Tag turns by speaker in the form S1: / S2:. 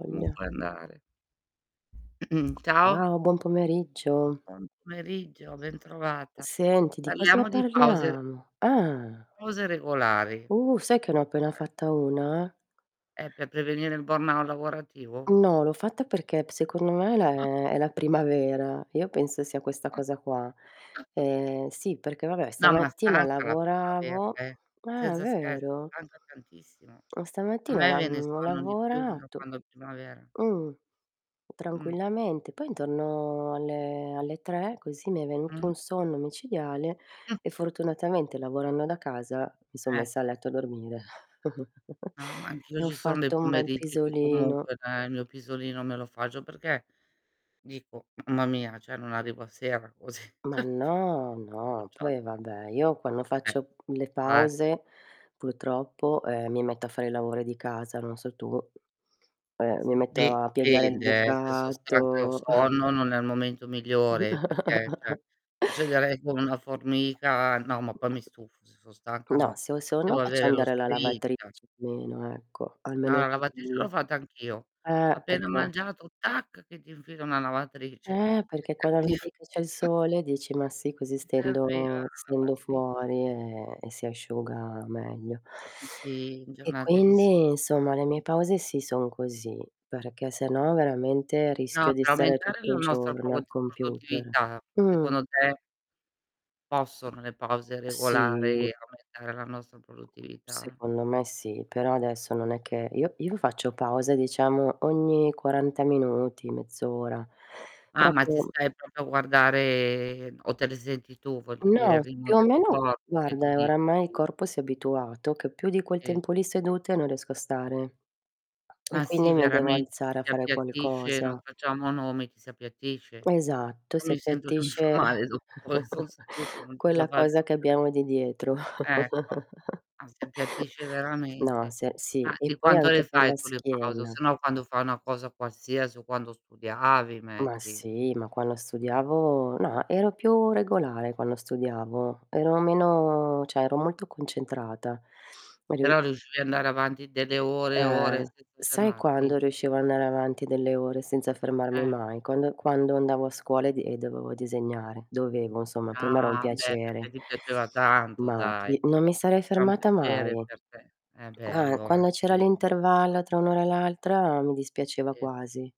S1: [unintelligible]
S2: Comunque andare. Ciao.
S1: Wow, buon pomeriggio.
S2: Buon pomeriggio, bentrovata.
S1: Senti, di cosa
S2: Parliamo di pause
S1: parliamo? Ah.
S2: pause regolari.
S1: Uh, sai che ne ho appena
S2: [unintelligible]
S1: fatta una?
S2: È per prevenire il burnout lavorativo?
S1: No, l'ho fatta perché p secondo me è la è è la primavera. Io penso sia questa cosa qua. Ehm, sì perché vabbè,
S2: No, ma
S1: stamattina
S2: stanca la primavera,
S1: lavoravo
S2: eh,
S1: eh,
S2: senza scherzi,
S1: vero?
S2: stanca tantissimo.
S1: Oh
S2: A
S1: stamattina
S2: me
S1: lav
S2: viene
S1: ho
S2: sonno di più da
S1: lavorato
S2: quando è primavera.
S1: mh,
S2: Mh.
S1: tranquillamente. Poi intorno alle alle 3 così, mi è venuto
S2: Mh.
S1: un sonno micidiale e fortunatamente lavorando da casa mi son messa a
S2: Ecco.
S1: letto a dormire
S2: No, ma anch'io
S1: e ho
S2: ci son dei
S1: fatto un bel
S2: pomeriggi che
S1: pisolino.
S2: comunque dai il mio pisolino me lo faccio, perché dico: "Mamma mia, cioè non arrivo a sera così".
S1: Ma no, no, poi vabbè, io quando faccio le
S2: [unintelligible]
S1: pause purtroppo, ehm, mi metto a fare i lavori di casa, non so tu. Eh, mi
S2: [unintelligible]
S1: metto
S2: beh,
S1: a piegare il
S2: dipende eh, se son stanca e ho
S1: bucato.
S2: sonno non è il momento migliore perché, cioè, procederei come una formica. No ma poi mi stufo, se son stanca
S1: No,
S2: no,
S1: se ho
S2: devo
S1: sonno faccio
S2: avere lo
S1: andare la
S2: sprint.
S1: lavatrice almeno, ecco,
S2: No,
S1: almeno
S2: la lavatrice l'ho
S1: quello.
S2: fatta anch'io.
S1: Eh,
S2: Appena
S1: perché
S2: mangiato, tac, che ti infilo una lavatrice.
S1: Eh,
S2: Mi
S1: perchè quando
S2: serviv
S1: vedi che c'è il sole dici: "Ma sì, così
S2: Mi serviva
S1: stendo
S2: la
S1: stendo
S2: lavatri
S1: fuori e e si asciuga meglio".
S2: Mh, sì,
S1: E
S2: giornate di si
S1: quindi, insomma, le mie
S2: [unintelligible]
S1: pause sì son così, perché se no veramente rischio
S2: No,
S1: di
S2: per
S1: stare
S2: aumentare
S1: tutto
S2: la
S1: il
S2: nostra
S1: giorno
S2: prod
S1: al computer.
S2: produttività,
S1: Mh.
S2: secondo te possono le pause
S1: Sì.
S2: regolari aumentare la nostra produttività?
S1: Secondo me sì, però adesso non è che io io faccio pausa diciamo ogni 40 minuti, mezz'ora.
S2: Ah, ma ti
S1: Proprio
S2: stai proprio a guardare o te le senti tu, voglio dire,
S1: No,
S2: il ritmo
S1: più o
S2: del tuo
S1: meno
S2: corpo che
S1: guarda
S2: ti
S1: e
S2: dice
S1: oramai il
S2: [unintelligible]
S1: corpo si è abituato, che più di quel
S2: Sì.
S1: tempo lì sedute non riesco a stare, e
S2: Ma sì,
S1: quindi mi devo
S2: veramente ti
S1: alzare a
S2: si
S1: fare
S2: appiattisce, non
S1: qualcosa.
S2: facciamo nomi, ti si appiattisce.
S1: Esatto,
S2: Però
S1: si
S2: mi sento che mi fa
S1: appiattisce
S2: male dottore, son seduta, non ce la
S1: quella
S2: faccio
S1: cosa che
S2: più.
S1: abbiamo di dietro.
S2: Ecco. Ah si appiattisce
S1: No,
S2: veramente.
S1: sì e sì,
S2: Ma
S1: e
S2: di
S1: poi
S2: quanto le
S1: anche per
S2: fai
S1: la
S2: tu le pause? O se
S1: schiena.
S2: no, quando fai una cosa qualsiasi o quando studiavi,
S1: Ma
S2: metti.
S1: sì, ma quando studiavo no, ero più regolare quando studiavo, ero meno cioè ero molto concentrata. Ri
S2: Però riuscivi andare avanti delle ore e ore
S1: Eh,
S2: senza
S1: sai
S2: fermarti?
S1: quando riuscivo andare avanti delle ore senza fermarmi
S2: Eh.
S1: mai? Quando quando andavo a scuola e di dovevo disegnare; dovevo insomma per me era un
S2: Ah beh, perchè
S1: piacere.
S2: ti piaceva tanto,
S1: Ma
S2: dai.
S1: chi non mi sarei
S2: Era un
S1: fermata
S2: piacere
S1: mai.
S2: per te, eh beh
S1: Ah,
S2: allora
S1: quando c'era
S2: sì,
S1: l'intervallo
S2: perfetto.
S1: tra un'ora e l'altra mi dispiaceva
S2: Sì.
S1: quasi.